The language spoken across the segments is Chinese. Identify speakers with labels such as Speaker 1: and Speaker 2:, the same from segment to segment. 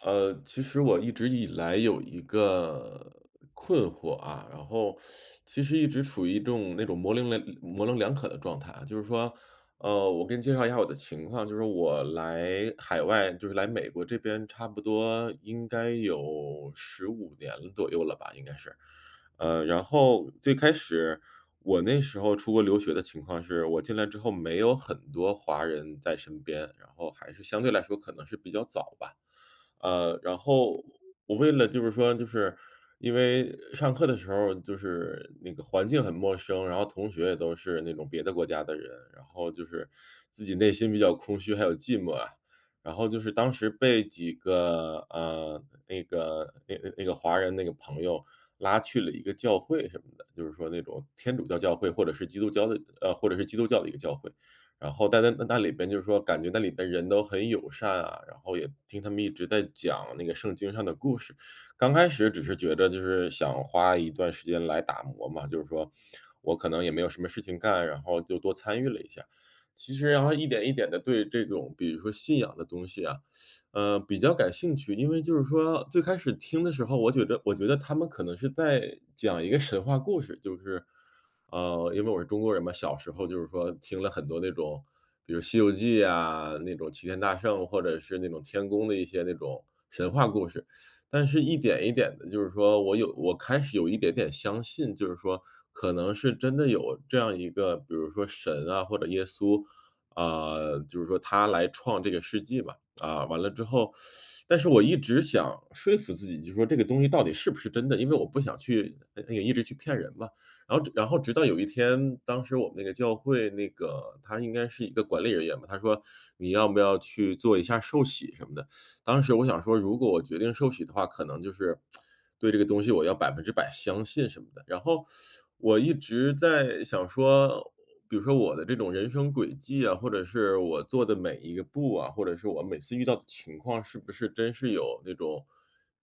Speaker 1: 呃，其实我一直以来有一个困惑啊，然后 其实一直处于一种那种模棱两模棱两可的状态。就是说呃，我给你介绍一下我的情况，就是我来海外就是来美国这边差不多应该有15年左右了吧，应该是，呃，然后最开始我那时候出国留学的情况是我进来之后没有很多华人在身边，然后还是相对来说可能是比较早吧。呃，然后
Speaker 2: 嗯。
Speaker 1: 我为了就是说就是因为上课的时候就是那个环境很陌生，然后同学也都是那种别的国家的人，然后就是自己内心比较空虚还有寂寞啊，然后就是当时被几个，呃，那个那个那个华人那个朋友拉去了一个教会什么的，就是说那种天主教教会或者是基督教的呃，或者是基督教的一个教会。然后大家在那里边就说感觉那里的人都很友善啊，然后也听他们一直在讲那个圣经上的故事。刚开始只是觉得就是想花一段时间来打磨嘛，就是说我可能也没有什么事情干，然后就多参与了一下。其实然后一点一点的对这种比如说信仰的东西啊，呃，比较感兴趣，因为就是说最开始听的时候，我觉着我觉得他们可能是在讲一个神话故事，就是呃，因为我是中国人嘛，小时候就是说听了很多那种，比如《西游记》啊，那种齐天大圣或者是那种天宫的一些那种神话故
Speaker 2: 嗯。
Speaker 1: 事，但是一点一点的就是说我有我开始有一点点相信，就是说可能是真的有这样一个，比如说神啊或者耶稣啊，就是说他来创这个世纪吧。啊，完了之后但是我一直想说服自己，就说这个东西到底是不是真的，因为我不想去那个一直去骗人嘛，然后然后直到有一天，当时我们那个教会那个他应该是一个管理人员吧，他说你要不要去做一下受洗什么的，当时我想说如果我决定受洗的话。可能就是，对这个东西我要100%相信什么的，然后我一直在想说，比如说我的这种人生轨迹啊，或者是我做的每一个步啊，或者是我每次遇到的情况是不是真是有那种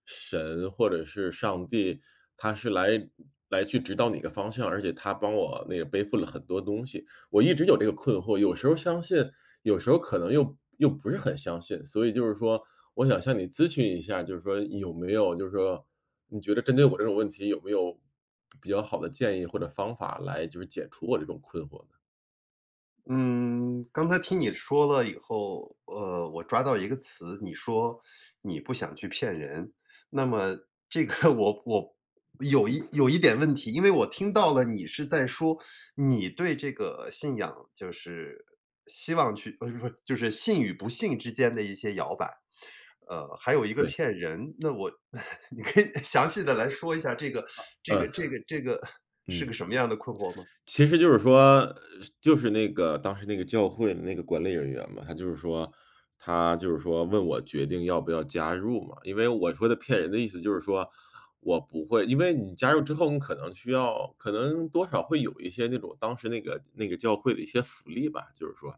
Speaker 1: 神或者是上帝，他是来来去指导你的方向，而且他帮我那个背负了很多东西，我一直有这个困惑，有时候相信有时候可能又又不是很相信，所以就是说我想向你咨询一下，就是说有没有就是说你觉得针对我这种问题有没有比较好的建议或者方法来就是解除我这种困惑的。
Speaker 2: 嗯，刚才听你说了以后，呃，我抓到一个词。你说，你不想去骗人。那么这个，我我有一有一点问题，因为我听到了你是在说，你对这个信仰，就是希望去 就是信与不信之间的一些摇摆。呃，还有一个
Speaker 1: 对。
Speaker 2: 骗人，那我 你可以详细地来说一下这个
Speaker 1: 啊，
Speaker 2: 这个
Speaker 1: 呃，
Speaker 2: 这个这个 是个
Speaker 1: 嗯。
Speaker 2: 什么样的困惑吗？
Speaker 1: 其实就是说就是那个当时那个教会的那个管理人员嘛，他就是说他就是说，问我决定要不要加入嘛。因为我说的骗人的意思就是说我不会因为你加入之后，你可能需要可能多少会有一些那种，当时那个那个教会的一些福利吧。就是说，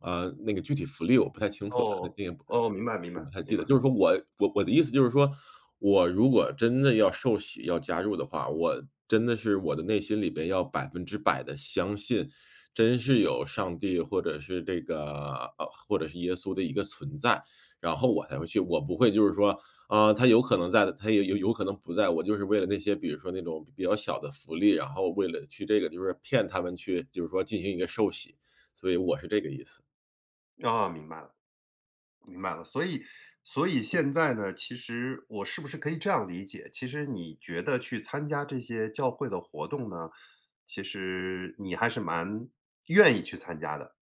Speaker 1: 呃，那个具体福利我不太清楚了。
Speaker 2: 哦，
Speaker 1: 那个，
Speaker 2: 哦，明白明
Speaker 1: 我
Speaker 2: 白，
Speaker 1: 不太
Speaker 2: 明
Speaker 1: 记得，
Speaker 2: 白。
Speaker 1: 就是说，我我我的意思就是说，我如果真的要受洗，要加入的话，我真的是我的内心里边要100%地相信，真是有上帝或者是这个呃，或者是耶稣的一个存在，然后我才会去。我不会就是说，啊，他有可能在，他也有有可能不在。我就是为了那些，比如说那种比较小的福利然后为了去这个，就是骗他们去，就是说进行一个受洗，所以我是这个意思。
Speaker 2: 哦，明白了，明白了。所以所以现在呢，其实，我是不是可以这样理解？其实你觉得去参加这些教会的活动呢，其实你还是蛮愿意去参加的？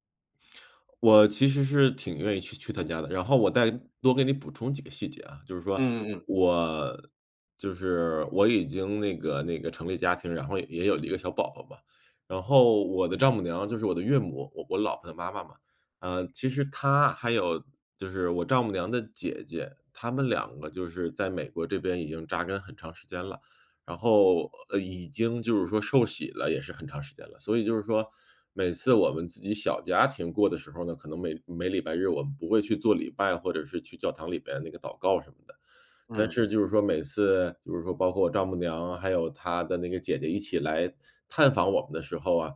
Speaker 1: 我其实是挺愿意去去她家的，然后我再多给你补充几个细节啊，就是说，
Speaker 2: 嗯嗯嗯。
Speaker 1: 我就是我已经那个那个成立家庭，然后也也有了一个小宝宝吧。然后我的
Speaker 2: 嗯。
Speaker 1: 丈母娘就是我的岳母我我老婆的妈妈嘛，呃，其实她，还有，就是我丈母娘的姐姐，她们两个就是在美国这边已经扎根很长时间了。然后，呃，已经就是说受洗了也是很长时间了，所以就是说，每次我们自己小家庭过的时候儿呢，可能每每礼拜日我们不会去做礼拜，或者是去教堂里边那个祷告什么的。但
Speaker 2: 嗯。
Speaker 1: 是就是说，每次就是说，包括我丈母娘，还有她的那个姐姐，一起来探访我们的时候啊，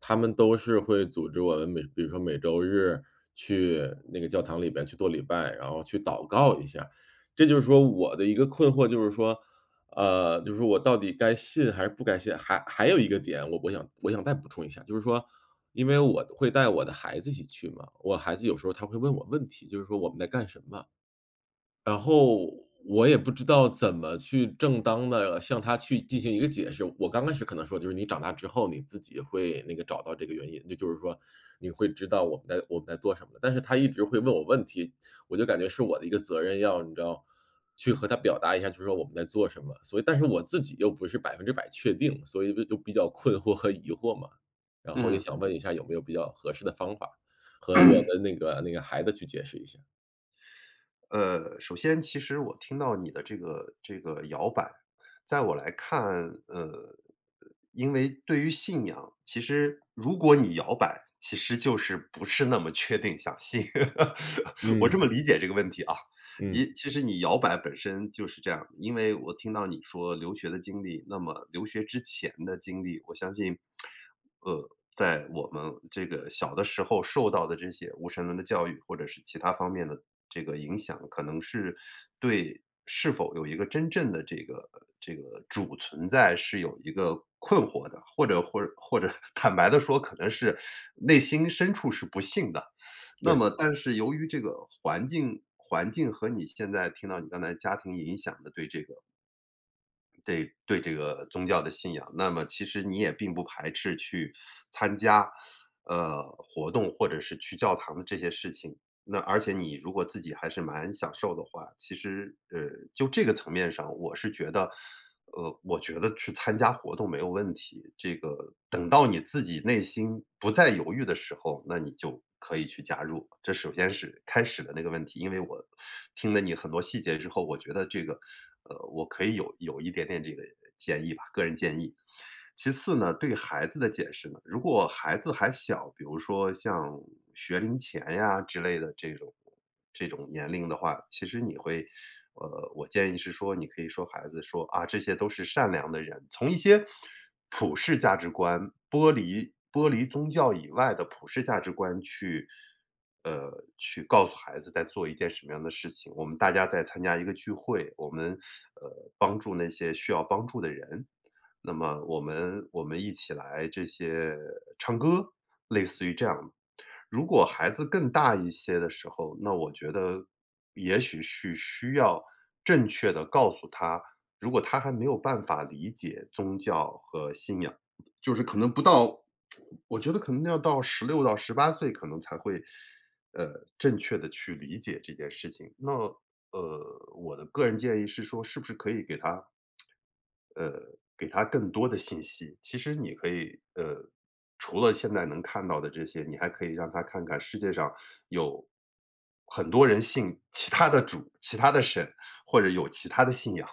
Speaker 1: 她们都是会组织我们每比如说每周日去那个教堂里边去做礼拜，然后去祷告一下。这就是说我的一个困惑就是说，呃，就是说我到底该信还是不该信？还还有一个点，我我想我想再补充一下，就是说因为我会带我的孩子一起去嘛，我孩子有时候他会问我问题，就是说，“我们在干什么？”然后我也不知道怎么去正当地向他去进行一个解释我刚开始可能说：“就是你长大之后你自己会那个找到这个原因”，就就是说，“你会知道我们在我们在做什么”。但是他一直会问我问题，我就感觉是我的一个责任，要你知道，去和他表达一下就是说我们在做什么。所以但是我自己又不是100%确定，所以就就比较困惑和疑惑嘛，然后也想
Speaker 2: 嗯。
Speaker 1: 问一下有没有比较合适的方法，和我 的那个那个孩子去解释一下？
Speaker 2: 呃，首先其实我听到你的这个这个摇摆。在我来看，呃，因为对于信仰，其实如果你摇摆，其实就是不是那么确定想信。我这
Speaker 1: 嗯。
Speaker 2: 么理解这个问题啊，
Speaker 1: 嗯。
Speaker 2: 一，其实你摇摆本身就是这样。因为我听到你说留学的经历，那么留学之前的经历，我相信，呃，在我们这个小的时候，受到的这些无神论的教育，或者是其他方面的这个影响，可能是对是否有一个真正的这个这个主存在，是有一个困惑的，或者或者或者坦白地说，可能是内心深处是不信的。那
Speaker 1: 对。
Speaker 2: 么但是由于这个环境环境和你现在听到你刚才家庭影响的对这个对对这个宗教的信仰，那么其实你也并不排斥去参加，呃，活动或者是去教堂的这些事情。那而且你如果自己还是蛮享受的话，其实，呃，就这个层面上，我是觉得呃，我觉得去参加活动没有问题。这个等到你自己内心不再犹豫的时候，那你就可以去加入，这首先是开始的那个问题。因为我听了你很多细节之后，我觉得这个呃，我可以有有一点点这个建议吧个人建议。其次呢，对孩子的解释呢，如果孩子还小，比如说像学龄前呀之类的这种这种年龄的话，其实你会呃，我建议是说你可以说孩子说：“啊，这些都是善良的人。”从一些普世价值观，剥离剥离宗教以外的普世价值观去呃，去告诉孩子在做一件什么样的事情。我们大家在参加一个聚会，我们，呃，帮助那些需要帮助的人。那么我们我们一起来这些唱歌，类似于这样。如果孩子更大一些的时候，那我觉得也许是需要正确地告诉他。如果他还没有办法理解宗教和信仰，就是可能不到 我觉得可能要到16-18岁，可能才会，呃，正确地去理解这件事情。那，呃，我的个人建议是说是不是可以给他呃，给他更多的信息。其实你可以呃，除了现在能看到的这些，你还可以让他看看世界上有很多人信其他的主、其他的神，或者有其他的信仰。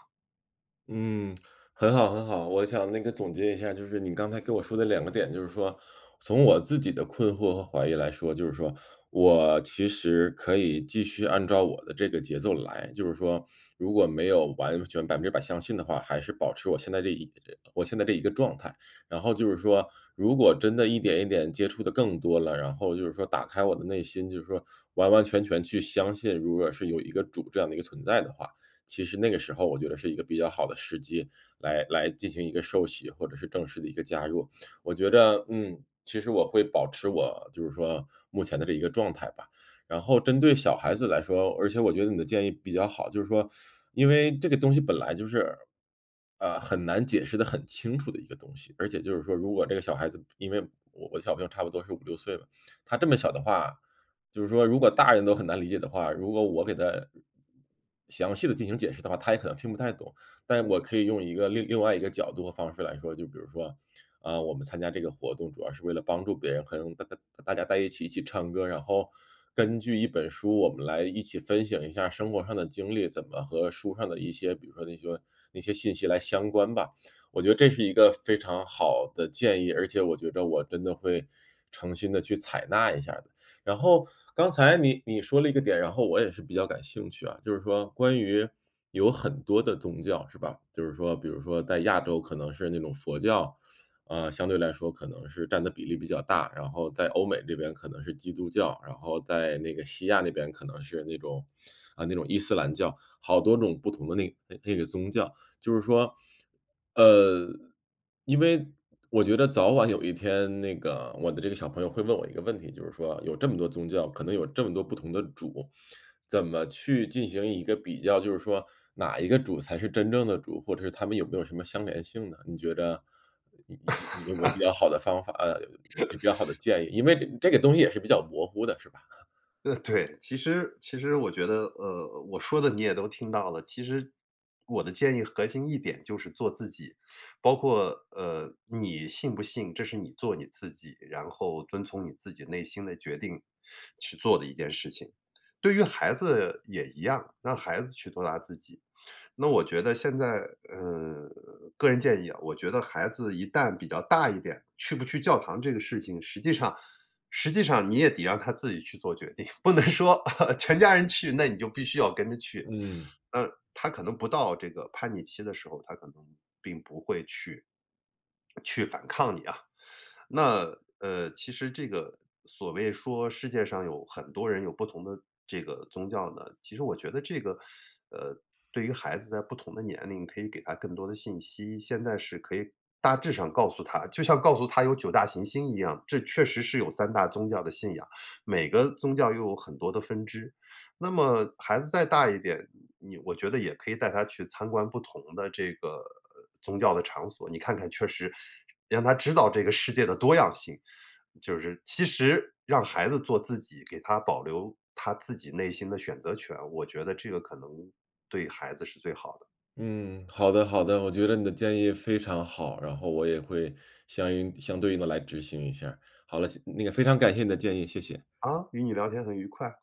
Speaker 1: 嗯，很好很好。我想那个总结一下，就是你刚才跟我说的2个点，就是说从我自己的困惑和怀疑来说，就是说我其实可以继续按照我的这个节奏来。就是说如果没有完全100%相信的话，还是保持我现在这一呃，我现在这一个状态。然后就是说如果真的一点一点接触得更多了，然后就是说打开我的内心，就是说完完全全去相信，如果是有一个主这样的一个存在的话，其实那个时候我觉得是一个比较好的时机来来进行一个受洗，或者是正式的一个加入。我觉得，嗯，其实我会保持我就是说目前的这一个状态吧。然后针对小孩子来说而且我觉得你的建议比较好，就是说因为这个东西本来就是，呃，很难解释得很清楚的一个东西。而且就是说如果这个小孩子因为我小朋友差不多是5-6岁了，他这么小的话，就是说如果大人都很难理解的话，如果我给他详细地进行解释的话，他也可能听不太懂。但我可以用一个另另外一个角度的方式来说。就比如说，啊，我们参加这个活动主要是为了帮助别人和大大大家在一起一起唱歌，然后根据一本书，我们来一起分享一下生活上的经历，怎么和书上的一些比如说那些那些信息来相关吧。我觉得这是一个非常好的建议，而且我觉着我真的会诚心地去采纳一下。然后刚才你你说了一个点，然后我也是比较感兴趣啊，就是说关于有很多的宗教，是吧？就是说比如说在亚洲可能是那种佛教，呃，相对来说可能是占的比例比较大，然后在欧美这边可能是基督教，然后在那个西亚那边可能是那种啊，那种伊斯兰教，好多种不同的那个那个宗教。就是说，呃，因为我觉得早晚有一天那个我的这个小朋友会问我一个问题，就是说有这么多宗教，可能有这么多不同的主，怎么去进行一个比较，就是说哪一个主才是真正的主，或者是他们有没有什么相联性呢？你觉着有有有没有比较 好的方法呃，比较好的 建议？因为这个东西也是比较模糊的是吧？
Speaker 2: 呃，对。其实其实我觉得，呃，我说的你也都听到了。其实我的建议核心一点就是做自己。包括，呃，你信不信，这是你做你自己，然后遵从你自己内心的决定去做的一件事情。对于孩子也一样，让孩子去做他自己。那我觉得现在，呃，个人建议啊，我觉得孩子一旦比较大一点，去不去教堂这个事情，实际上实际上你也得让他自己去做决定，不能说，哦，全家人去，那你就必须要跟着去。
Speaker 1: 嗯。
Speaker 2: 呃，他可能不到这个叛逆期的时候，他可能并不会去去反抗你啊。那，呃，其实这个所谓说世界上有很多人有不同的这个宗教呢，其实我觉得这个，呃，对于孩子在不同的年龄，可以给他更多的信息。现在是可以大致上告诉他，就像告诉他有9大行星一样，这确实是有3大宗教的信仰，每个宗教又有很多的分支。那么孩子再大一点，你我觉得也可以带他去参观不同的这个宗教的场所。你看看，确实，让他知道这个世界的多样性。就是其实让孩子做自己，给他保留他自己内心的选择权，我觉得这个可能对孩子是最好的。
Speaker 1: 嗯，好的好的。我觉得你的建议非常好，然后我也会相应相对应地来执行一下。好了，那个非常感谢你的建议，谢谢。
Speaker 2: 啊，与你聊天很愉快。